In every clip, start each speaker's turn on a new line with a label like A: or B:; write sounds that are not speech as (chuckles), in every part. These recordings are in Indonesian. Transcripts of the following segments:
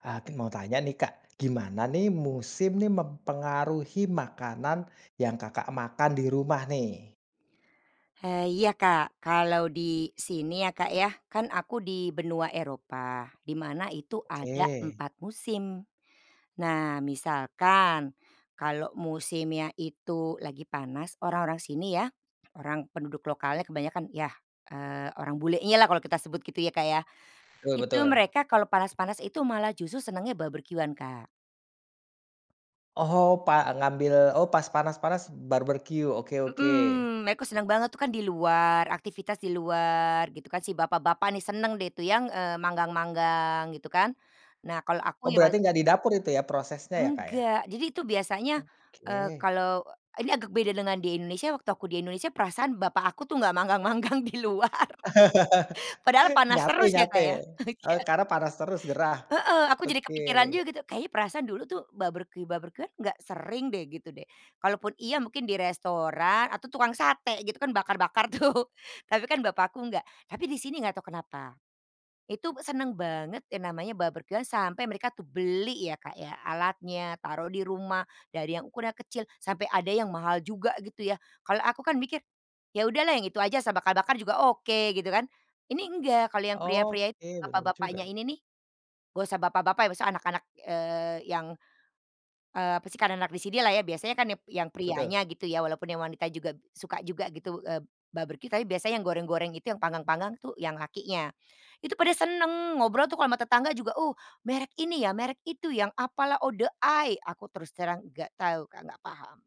A: Ah, ti mau tanya nih Kak, gimana nih musim nih mempengaruhi makanan yang Kakak makan di rumah nih?
B: He iya, Kak. Kalau di sini ya Kak ya, kan aku di benua Eropa di mana itu ada
A: Oke.
B: 4 musim. Nah, misalkan, kalau musimnya itu lagi panas, orang-orang sini ya, orang penduduk lokalnya kebanyakan yah, eee, orang bulenyalah, kalau kita sebut gitu ya Kak ya,
A: Betul
B: itu
A: betul.
B: mereka kalau panas-panas itu malah justru senangnya barbeque-an, Kak.
A: Oh, pa ngambil oh pas panas-panas barbeque. Oke oke.
B: Hmm, mereka senang banget tuh kan di luar, aktivitas di luar gitu kan. Si bapak-bapak nih senang deh itu yang, eee, manggang-manggang gitu kan. Nah, kalau aku
A: Oh,
B: ya ma
A: berarti nggak di dapur itu ya prosesnya ya, Kak, ya?
B: Enggak, jadi itu biasanya, eee,
A: Oke.
B: kalau ini agak beda dengan di Indonesia. Waktu aku di Indonesia perasaan bapak aku tuh nggak manggang-manggang di luar.
A: (laughs)
B: Padahal panas
A: Nyate
B: terus ya, Kak,
A: nyate,
B: ya?
A: eee,
B: Iya.
A: karena panas terus gerah.
B: Heeh, aku jadi kepikiran
A: Oke.
B: juga tuh, kayaknya perasaan dulu tuh barbeque-barbeque-an nggak sering deh gitu deh. Kalaupun iya mungkin di restoran atau tukang sate gitu kan, bakar-bakar tuh, tapi kan bapak aku enggak. Tapi di sini nggak tahu kenapa, itu be senang banget yang namanya barbeque-an sampai mereka tuh beli ya, Kak, ya alatnya, taruh di rumah. Dari yang ukurannya kecil sampai ada yang mahal juga gitu ya. Kalau aku kan mikir, ya udahlah yang itu aja asal bakar-bakar juga oke, gitu kan. Ini enggak, kalau yang pria-pria itu
A: Oke, benar
B: bapak-bapaknya
A: juga.
B: ini nih, nggak usah bapak-bapak ya, maksudnya anak-anak, eee, yang, eee, apa sih karena anak di sinilah ya biasanya kan yap yang
A: Betul.
B: prianya gitu ya walaupun yang wanita juga suka juga gitu, eee, barbeque, tapi biasanya yang goreng-goreng itu yang panggang-panggang tuh yang lakinya. Itu pada seneng ngobrol tuh kalo ama tetangga juga, uh, merek ini ya, merek itu, yang apalah Outdoor Eye, aku terus terang nggak tahu, Kak, nggak paham.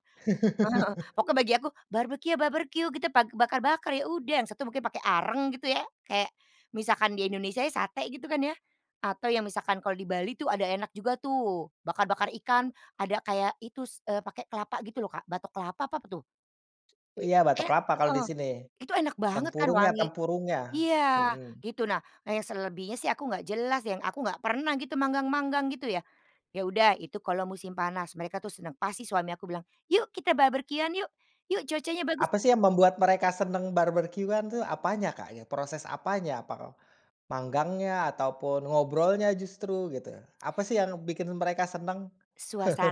B: Heeh. Pokoknya bagi aku
A: (chuckles)
B: barbeque ya barbeque gitu, pak bakar-bakar ya udah, yang satu mungkin pakai arang gitu ya. Kayak, misalkan di Indonesia ya sate gitu kan ya, atau yang misalkan kalau di Bali tuh ada enak juga tuh, bakar-bakar ikan ada kayak itu s eee, pakai kelapa gitu loh, Kak, batok kelapa apa apa tuh? Te
A: Iya batok
B: et
A: kelapa kalau di
B: heeh,
A: sini.
B: itu enak banget kan
A: Tempurungnya
B: wangi
A: tempurungnya,
B: iya,
A: hmm.
B: gitu. Nah yang selebihnya sih aku nggak jelas yang aku nggak pernah gitu manggang-manggang gitu ya. Ya udah, itu kalau musim panas mereka tuh senang pasti suami aku bilang, "Yuk kita barbeque-an yuk, yuk cuacanya bagus"
A: Apa sih yang membuat mereka senang barbeque-an itu apanya, Kak, ya? Proses apanya? Apakah manggangnya ataupun ngobrolnya justru gitu. Apa sih yang bikin mereka senang?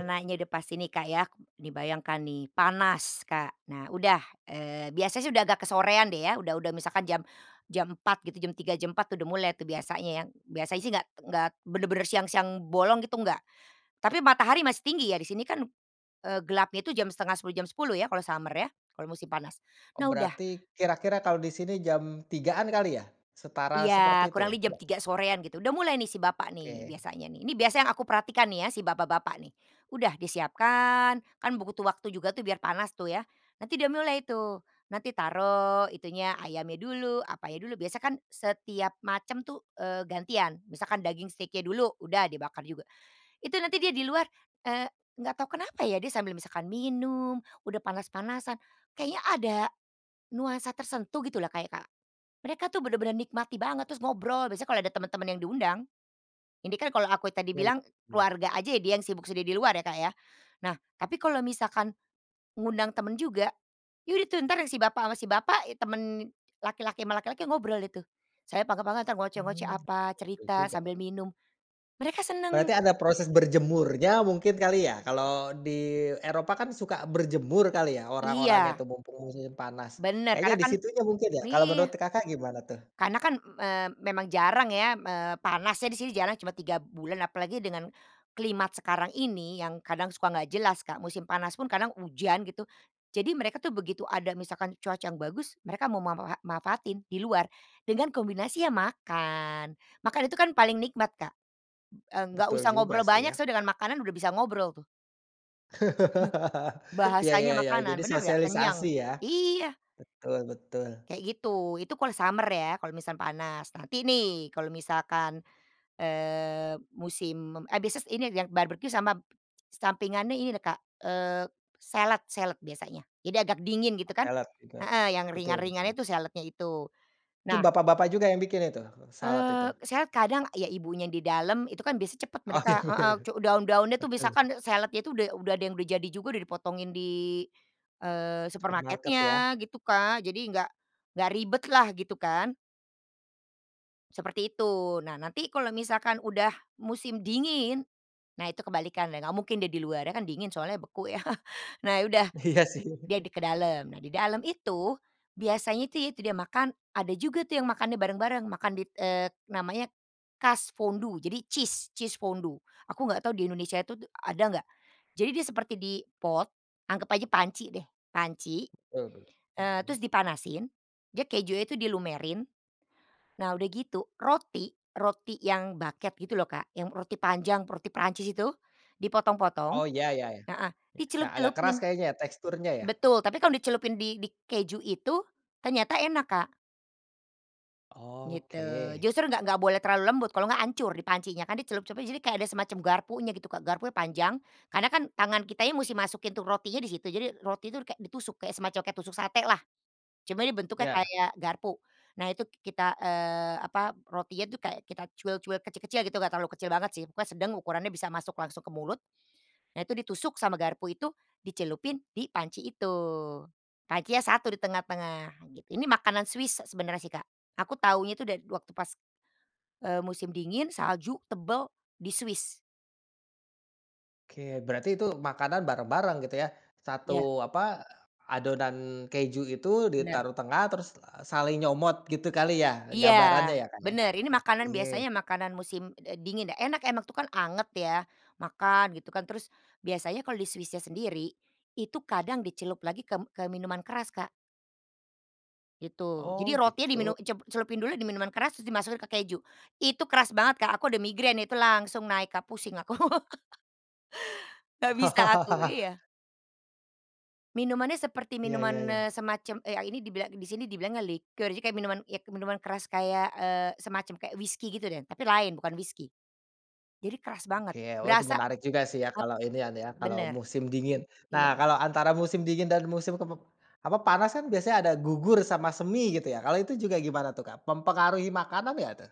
A: (chuckles)
B: udah pasti nih Kak ya, dibayangkan nih, panas, Kak. Nah, udah. Eee, biasanya sih udah agak kesorean deh ya udah udah misalkan jam jam 4.00 gitu jam 3.00 jam 4.00 udah mulai tuh biasanya ya, biasanya sih nggak nggak benar-benar siang-siang bolong gitu, nggak. Tapi matahari masih tinggi ya di sini kan, eee, gelapnya itu jam 9:30 jam 10.00 ya kalau summer ya, kalau musim panas.
A: Oh,
B: Nah udah
A: berarti kira-kira kalau di sini jam 3.00-an kali ya? Setara seperti
B: Iya,
A: itu
B: kurang
A: ya?
B: lebih jam
A: Nggak?
B: 3.00 sorean gitu udah mulai nih si bapak nih
A: Oke.
B: biasanya nih. Ini biasa yang aku perhatikan nih ya si bapak-bapak nih. Udah disiapkan, kan butuh waktu juga tuh biar panas tuh ya, nanti dia mulai tuh nanti taruh itunya ayamnya dulu, apanya dulu, biasanya kan setiap macam tuh, eee, gantian. Misalkan daging steak-nya dulu, udah dibakar juga. Itu nanti dia di luar, eee, nggak tahu kenapa ya dia sambil misalkan minum, udah panas-panasan. Kayaknya ada, nuansa tersentuh gitulah Kak ya, Kak. Mereka tuh bener-bener nikmati banget, terus ngobrol biasanya kalau ada teman-teman yang diundang ini kan kalau aku ya tadi
A: Ya,
B: bilang
A: iya.
B: keluarga aja ya dia yang sibuk sendiri di luar ya, Kak, ya. Nah, tapi kalau misalkan, ngundang temen juga, ya udah tuh entar si bapak ama si bapak, e temen laki-laki ama laki-laki ngobrol itu. Saya panggang-panggang entar ngoceh-ngoceh
A: Hmm,
B: apa,
A: betul
B: cerita
A: juga.
B: sambil minum. Mereka senang.
A: Berarti ada proses berjemurnya mungkin kali ya? Kalau di Eropa kan suka berjemur kali ya, orang-orangnya
B: Iya.
A: tuh, mumpung musim panas.
B: Bener
A: Kayaknya
B: karena
A: di
B: kan
A: situnya mungkin ya? Kalau
B: iya.
A: menurut Kakak gimana tuh?
B: Karena kan m eee, memang jarang ya m eee, panasnya di sini jarang cuma 3 bulan. Apalagi dengan, climate sekarang ini yang kadang suka nggak jelas, Kak. Musim panas pun kadang hujan gitu, jadi mereka tuh begitu ada misalkan cuaca yang bagus mereka mau ma ma ha manfaatin di luar, dengan kombinasi, ya makan. Makan itu kan paling nikmat, Kak. Eee, nggak
A: Betul
B: usah
A: juga
B: ngobrol
A: sih
B: banyak
A: ya.
B: soalnya dengan makanan udah bisa ngobrol tuh. (chuckles)
A: (chuckles) Ya
B: Bahasanya
A: ya ya,
B: makanan,
A: jadi
B: bener nggak?
A: sosialisasi
B: Kenyang,
A: ya.
B: iya!
A: Betul betul.
B: Kayak gitu, itu kalau summer ya kalau misal panas. Nanti nih, kalau misalkan, eee, musim mem eee, bises ini yang yang barbeque sama, sampingannya ini deh, Kak, eee, salad salad biasanya. Jadi agak dingin gitu kan,
A: Salad juga,
B: heeh, yang
A: betul betul.
B: ringan-ringannya itu saladnya itu.
A: Itu
B: Nah
A: bapak-bapak juga yang bikin itu, salad
B: eee,
A: itu?
B: saya kadang ya ibunya di dalam itu kan biasanya cepet
A: Oh ya
B: mereka heeh,
A: ber
B: cu daun-daunnya tuh
A: betul.
B: misalkan saladnya itu udah udah ada yang udah jadi juga udah dipotongin di, eee,
A: Supermarket ya.
B: supermarketnya gitu, Kak. Jadi nggak nggak ribetlah, gitu kan. Seperti itu. Nah, nanti kalau misalkan udah musim dingin. Nah, itu kebalikan deh nggak mungkin dia di luar, ya kan dingin soalnya beku yah. (chuckles) Nah, ya udah,
A: Iya sih.
B: dia di ke dalam. Nah, di dalam itu, biasanya itu ya itu dia makan ada juga tuh yang makannya bareng-bareng makan di, eee, namanya Kaasfondue, jadi cheese, cheese fondue aku nggak tahu di Indonesia itu d ada nggak. Jadi dia seperti di pot, anggap aja panci deh, panci,
A: Betul be
B: eee,
A: hmm.
B: terus dipanasin dia kejunya itu dilumerin. Nah, udah gitu roti, roti yang baguette gitu loh, Kak, yang roti panjang, roti Perancis itu, dipotong-potong
A: Oh, ya ya ya.
B: heeh,
A: Ya, yang agak keras
B: dicelup-celupin.
A: kayaknya ya teksturnya ya?
B: Betul, tapi kalau dicelupin di di keju itu ternyata enak, Kak. Gitu,
A: Oke.
B: justru nggak nggak boleh terlalu lembut, kalau nggak hancur di pancinya, kan dicelup-celupin jadi kayak ada semacam garpunya gitu, Kak. Garpunya panjang, karena kan tangan kitanya musti masukin tuh rotinya di situ. Jadi roti itu kayak ditusuk kayak semacam kayak tusuk satelah. Cuma dia bentuknya
A: Ya.
B: kayak garpu. Nah, itu k kita, eee, apa, rotinya itu kayak kita cuil-cuil kecil-kecil gitu, Kak, nggak terlalu kecil banget sih, pokoknya sedang ukurannya bisa masuk langsung ke mulut. Nah, itu ditusuk sama garpu itu, dicelupin di panci itu. Pancinya satu di tengah-tengah. Ini makanan Swiss se sebenarnya sih, Kak, aku tahunya itu dari waktu pas, eee, musim dingin, salju, tebal di Swiss.
A: Oke, berarti itu makanan bareng-bareng gitu ya, satu
B: Iya.
A: apa, adonan keju itu
B: Benar.
A: ditaruh tengah terus, eee, saling nyomot. Gitu kali ya
B: Iya,
A: gambarannya ya Kak, ya?
B: benar. Ini makanan
A: Oke.
B: biasanya makanan musim, eee, dingin. Enak emang tuh kan anget ya, makan gitu kan, terus biasanya kalau di Swiss-nya sendiri, itu kadang dicelup lagi ke m ke minuman keras, Kak. Gitu,
A: Oh
B: jadi rotinya
A: gitu.
B: diminum dice celupin dulu di minuman keras terus dimasukin ke keju. Itu keras banget, Kak, aku ada migrain itu langsung naik, Kak. Pusing aku. (laughs) Gak bisa aku
A: (chuckles)
B: iya. Minumannya seperti
A: Iya, ya
B: minuman,
A: ya.
B: eee, semacam, eee, a ini dibila di sini dibilangnya liquor, jadi kayak minuman ya minuman keras kayak, eee, semacam kayak whiskey gitu deh, tapi lain, bukan whiskey. Jadi keras banget
A: Oke. Oh, itu
B: berasa
A: menarik juga sih ya
B: ap
A: kalau inian ya kalau
B: benar.
A: musim dingin. Nah,
B: Iya.
A: kalau antara musim dingin dan musim kem apa panas kan biasanya ada gugur sama semi gitu ya, kalau itu juga gimana tuh Kak, mempengaruhi makanan nggak tuh?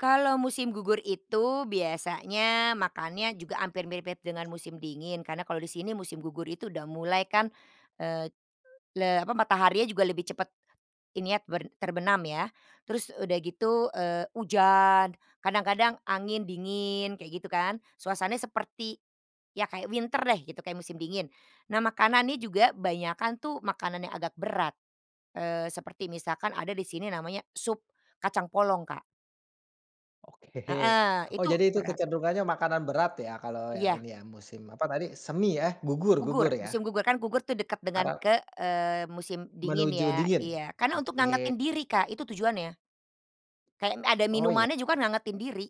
B: Kalau musim gugur itu biasanya makannya juga hampir mirip-mirip dengan musim dingin, karena kalau di sini musim gugur itu udah mulai kan, eee, le apa, mataharinya juga lebih cepat, ini yah, ber terbenam ya. Terus udah gitu, eee, hujan, kadang-kadang angin dingin, kayak gitu kan. Suasananya seperti, ya kayak winter deh gitu kayak musim dingin. Nah, makanannya juga banyakan tuh makanan yang agak berat, eee, seperti misalkan ada di sini namanya sup kacang polong, Kak.
A: Oke,
B: Heeh,
A: oh
B: itu
A: jadi itu
B: berat.
A: kecenderungannya makanan berat ya kalau yang
B: Iya.
A: ini ya musim apa tadi, semi ya gugur gugur
B: Gugur,
A: ya.
B: musim gugur kan gugur tuh dekat dengan
A: Apa?
B: ke eee, musim dingin
A: Menuju
B: ya,
A: dingin?
B: iya. Karena untuk
A: Oke.
B: ngangetin diri, Kak, itu tujuannya. Kayak m ada
A: Oh, ya.
B: minumannya juga kan ngangetin diri.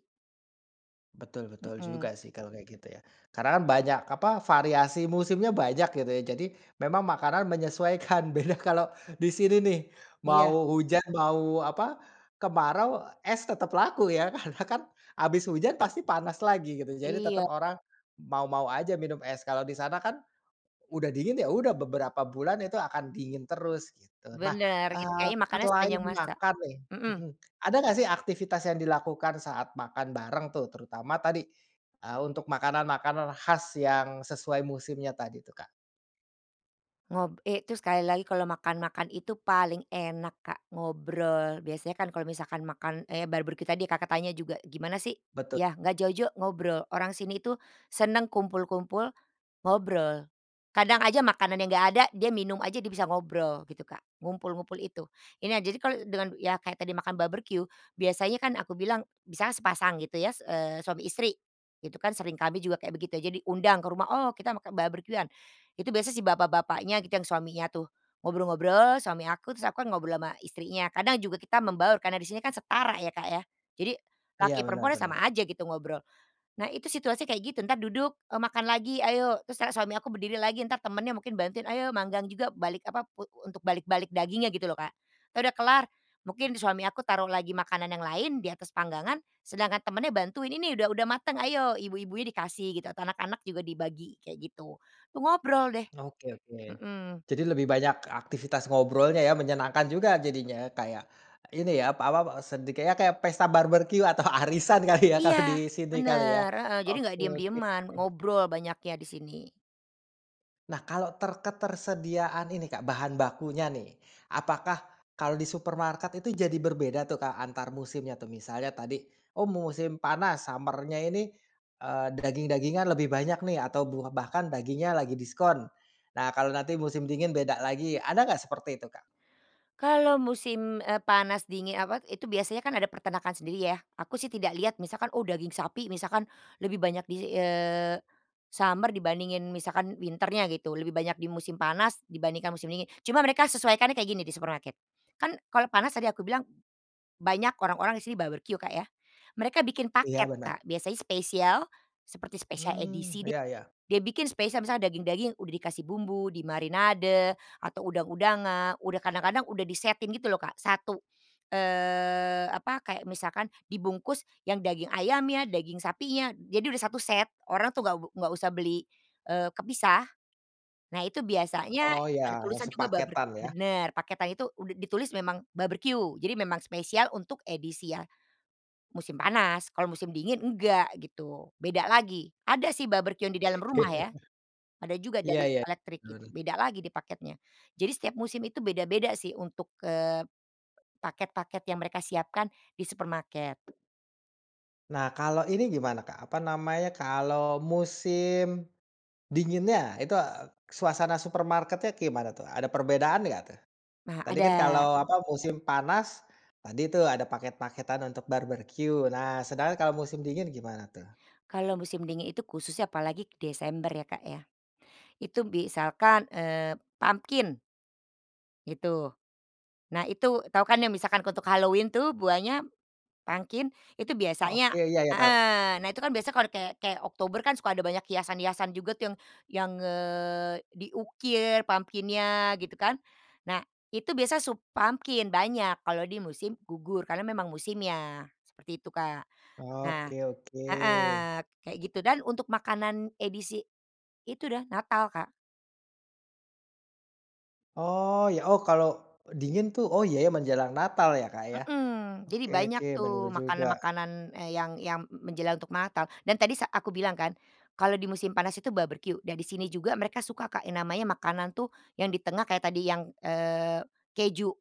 A: Betul betul
B: Hmm.
A: juga sih kalau kayak gitu ya. Karena kan banyak apa, variasi musimnya banyak gitu ya, jadi memang makanan menyesuaikan, beda kalau di sini nih,
B: Iya.
A: mau hujan mau apa, kemarau, es tetap laku ya. Karena kan habis hujan pasti panas lagi gitu. Jadi
B: Iya.
A: tetap orang, mau-mau aja minum es. Kalau di sana kan, udah dingin ya udah beberapa bulan itu akan dingin terus gitu. Nah,
B: Benar, itu
A: eee,
B: kayaknya makannya
A: selain
B: sepanjang masa.
A: makan nih
B: Hmm.
A: hmm, ada nggak sih aktivitas yang dilakukan saat makan bareng tuh terutama tadi, eee, untuk makanan-makanan khas yang sesuai musimnya tadi tuh, Kak?
B: Ngob eh, itu sekali lagi kalau makan-makan itu paling enak Kak, ngobrol. Biasanya kan kalau misalkan makan, eee, barbeque tadi, Kakak, tanya juga gimana sih,
A: Betul.
B: ya, nggak jauh-jauh ngobrol. Orang sini itu, seneng kumpul-kumpul, ngobrol. Kadang aja makanannya nggak ada dia minum aja dia bisa ngobrol gitu, Kak. Ngumpul-ngumpul itu. Ini ya jadi kalau dengan ya kayak tadi makan barbeque, biasanya kan aku bilang misalnya sepasang gitu ya s eee, suami istri, itu kan sering, kami juga kayak begitu jadi undang ke rumah. Oh kita makan barbeque-an, itu biasanya si bapak-bapaknya gitu yang suaminya tuh, ngobrol-ngobrol suami aku, terus aku kan ngobrol ama istrinya. Kadang juga kita membaur karena di sini kan setara ya, Kak, ya. Jadi,
A: Iya
B: laki
A: benar
B: perempuannya sama
A: benar.
B: aja gitu ngobrol. Nah, itu situasi kayak gitu, entar duduk, eee, makan lagi ayo terus kan suami aku berdiri lagi entar temennya mungkin bantuin. Ayo manggang juga balik apa pu untuk balik-balik dagingnya gitu loh, Kak. Entar udah kelar mungkin di suami aku taruh lagi makanan yang lain di atas panggangan, sedangkan temennya bantuin. Ini udah udah mateng ayo ibu-ibunya dikasih gitu atau anak-anak juga dibagi kayak gitu. Itu ngobrol deh,
A: Oke oke.
B: hmm.
A: Jadi lebih banyak aktivitas ngobrolnya ya, menyenangkan juga jadinya kayak ini ya, pa apa, sedi kayak, kayak pesta barbeque atau arisan kali ya
B: Iya.
A: kalau di sini kali ya.
B: Benar, heeh, jadi enggak
A: Oke oke.
B: diem-dieman, ngobrol banyaknya di sini.
A: Nah kalau ter ketersediaan ini, Kak, bahan bakunya nih. Apakah kalau di supermarket itu jadi berbeda tuh, Kak, antar musimnya tuh? Misalnya tadi oh musim panas, summer-nya ini, eee, daging-dagingan lebih banyak nih atau bu bahkan dagingnya lagi diskon. Nah, kalau nanti musim dingin beda lagi. Ada enggak seperti itu, Kak?
B: Kalau musim, eee, panas dingin eee, apa, itu biasanya kan ada peternakan sendiri ya. Aku sih tidak lihat misalkan oh daging sapi misalkan, lebih banyak di eee, summer dibandingin misalkan winter-nya gitu, lebih banyak di musim panas dibandingkan musim dingin. Cuma mereka sesuaikannya kayak gini di supermarket, kan kalau panas tadi aku bilang, banyak orang-orang di sini barbeque, Kak, ya. Mereka bikin paket,
A: Iya, benar.
B: Kak. Biasanya spesial, seperti spesial
A: Hmm,
B: edisi di
A: iya iya.
B: dia bikin spesial misalnya daging-daging udah dikasih bumbu, dimarinade, atau udang-udangan, udah kadang-kadang udah disetin gitu loh, Kak, 1, eee, apa, kayak misalkan dibungkus yang daging ayamnya, daging sapinya, jadi udah 1 set. Orang tuh nggak be nggak usah beli, eee, kepisah. Nah, itu biasanya
A: Oh
B: ada
A: ya,
B: tulisan juga barbeque
A: sepaketan ya?
B: bener, paketan itu udah ditulis memang barbeque, jadi memang spesial untuk edisi ya musim panas. Kalau musim dingin enggak gitu, beda lagi. Ada sih barbeque-an di dalam
A: Oke.
B: rumah ya. Ada juga
A: Iya
B: dari
A: iya,
B: elektrik itu
A: benar.
B: beda lagi dia paketnya. Jadi setiap musim itu beda-beda sih untuk, eee, paket-paket yang mereka siapkan di supermarket.
A: Nah, kalau ini gimana, Kak, apa namanya, kalau musim dinginnya itu, eee, suasana supermarketnya kayak gimana tuh? Ada perbedaan nggak tuh?
B: Nah,
A: Tadi kan,
B: ada.
A: kalau apa, musim panas, tadi tuh ada paket-paketan untuk barbeque. Nah, sedangkan kalau musim dingin gimana tuh?
B: Kalau musim dingin itu khususnya apalagi ke Desember ya, Kak, ya. Itu misalkan, eee, pumpkin gitu. Nah, itu tahu kan yang misalkan untuk Halloween tuh buahnya pumpkin itu
A: Oke,
B: biasanya
A: iya iya, tahu.
B: heeh. Nah, itu kan biasa kalau kayak kayak Oktober kan suka ada banyak hiasan-hiasan juga tuh yang yang, eee, diukir pumpkin-nya gitu kan. Nah itu biasa sup pumpkin, banyak kalau di musim gugur karena memang musimnya, seperti itu, Kak. Nah
A: Oke oke.
B: heeh, kayak gitu, dan untuk makanan edisi, itu dah Natal, Kak.
A: Oh ya, oh kalau dingin tuh oh ya ya, menjelang Natal ya Kak, ya.
B: Hmm, jadi
A: Oke,
B: banyak
A: oke benar
B: tuh
A: juga.
B: makanan-makanan, eee, yang yang menjelang untuk Natal dan tadi sa aku bilang kan, kalau di musim panas itu barbeque dan di sini juga mereka suka, Kak, yang namanya makanan tuh, yang di tengah kayak tadi yang, eee, keju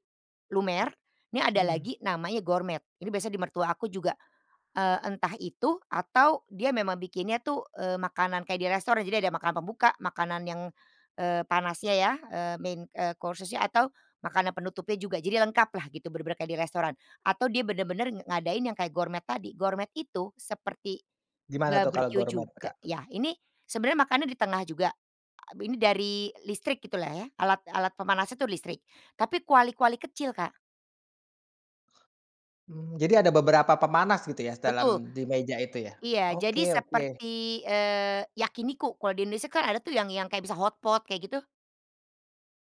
B: lumer. Ini ada
A: Mhm.
B: lagi namanya gourmet. Ini biasanya di mertua aku juga, eee, entah itu atau dia memang bikinnya tuh, eee, makanan kayak di restoran. Jadi ada makanan pembuka, makanan yang, eee, panasnya ya, eee, main, eee, course-nya, atau makanan penutupnya juga. Jadi lengkaplah gitu. Benar-benar kayak di restoran atau dia benar-benar ngadain yang kayak gourmet tadi. Gourmet itu seperti
A: Gimana tuh kalau
B: barbeque
A: gourmet,
B: juga
A: Kak?
B: ya. Ini sebenarnya makannya di tengah juga. Abi nih dari listrik gitulah ya, alat alat pemanasnya itu listrik, tapi kuali-kuali kecil, Kak.
A: Hmm, jadi ada beberapa pemanas gitu ya dalam
B: Betul.
A: di meja itu ya?
B: Iya, jadi
A: Oke oke.
B: seperti, eee, yakiniku kalau di Indonesia kan ada tuh yang yang kayak bisa hotpot kayak gitu?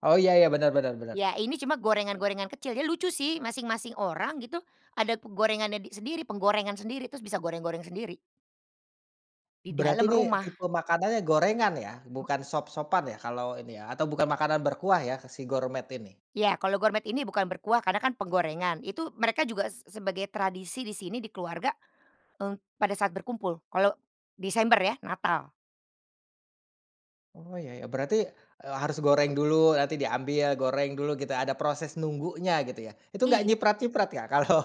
A: Oh ya ya. Benar benar benar.
B: Ya, ini cuma gorengan-gorengan kecil ya lucu sih masing-masing orang gitu ada ku gorengannya di sendiri, penggorengan sendiri terus bisa goreng-goreng sendiri. Di
A: Berarti
B: dalam
A: ini
B: rumah.
A: tipe makanannya gorengan ya? Bukan sop-sopan ya kalo ini ya, atau bukan makanan berkuah ya, ke si gourmet ini?
B: Ya, kalau gourmet ini bukan berkuah, karena kan penggorengan. Itu mereka juga se sebagai tradisi di sini di keluarga, eee, pada saat berkumpul, kalau Desember ya, Natal.
A: Oh, ya ya. Berarti, eee, harus goreng dulu nanti diambil, goreng dulu gitu, ada proses nunggunya gitu ya. Itu enggak
B: Iya.
A: nyiprat-nyiprat, Kak? Kalau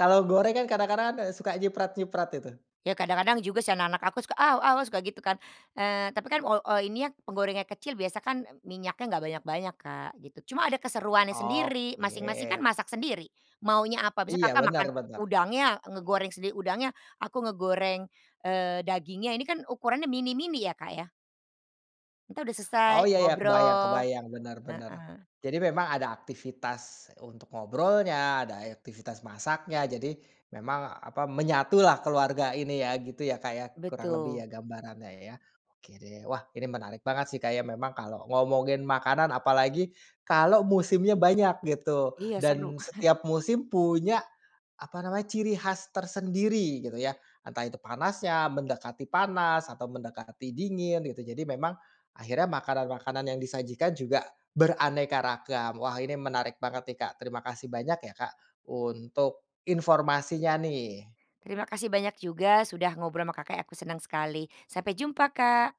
A: kalau goreng kan kadang-kadang kan, eee, suka nyiprat-nyiprat itu.
B: Ya kadang-kadang juga sih anak-anak aku suka, “Aw aw,” ah, suka gitu kan, eee, tapi kan ol o ini ya, penggorengan kecil biasa kan, e minyaknya nggak banyak-banyak, Kak, gitu. Cuma ada keseruannya sendiri. Masing-masing kan
A: Oke.
B: masak sendiri, maunya apa. Misalnya
A: Iya,
B: Kakak
A: benar
B: makan u
A: benar.
B: udangnya, ngegoreng sendiri udangnya. Aku ngegoreng, eee, dagingnya. Ini kan ukurannya mini-mini ya, Kak, ya. Kita sudah selesai,
A: Oh, iya iya, kebayang
B: ngobrol.
A: kebayang. Bener bener.
B: Heeh.
A: Jadi memang ada aktivitas untuk ngobrolnya, ada e aktivitas masaknya. Jadi memang, apa, menyatulah keluarga ini ya, gitu ya, Kak, ya, kurang lebih
B: Betul.
A: ya gambarannya ya? Oke deh. Wah, ini menarik banget sih, Kak, ya. Memang kalau ngomongin makanan, apalagi kalau musimnya banyak gitu.
B: Iya, seru.
A: Dan
B: (chuckles)
A: setiap musim punya, apa namanya, ciri khas tersendiri gitu ya. Entah itu panasnya, mendekati panas, atau mendekati dingin, gitu. Jadi memang akhirnya makanan-makanan yang disajikan juga beraneka ragam. Wah, ini menarik banget nih, Kak. Terima kasih banyak ya, Kak, untuk informasinya nih.
B: Terima kasih banyak juga sudah ngobrol ama Kakak ya, aku senang sekali. Sampai jumpa, Kak.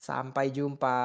A: Sampai jumpa.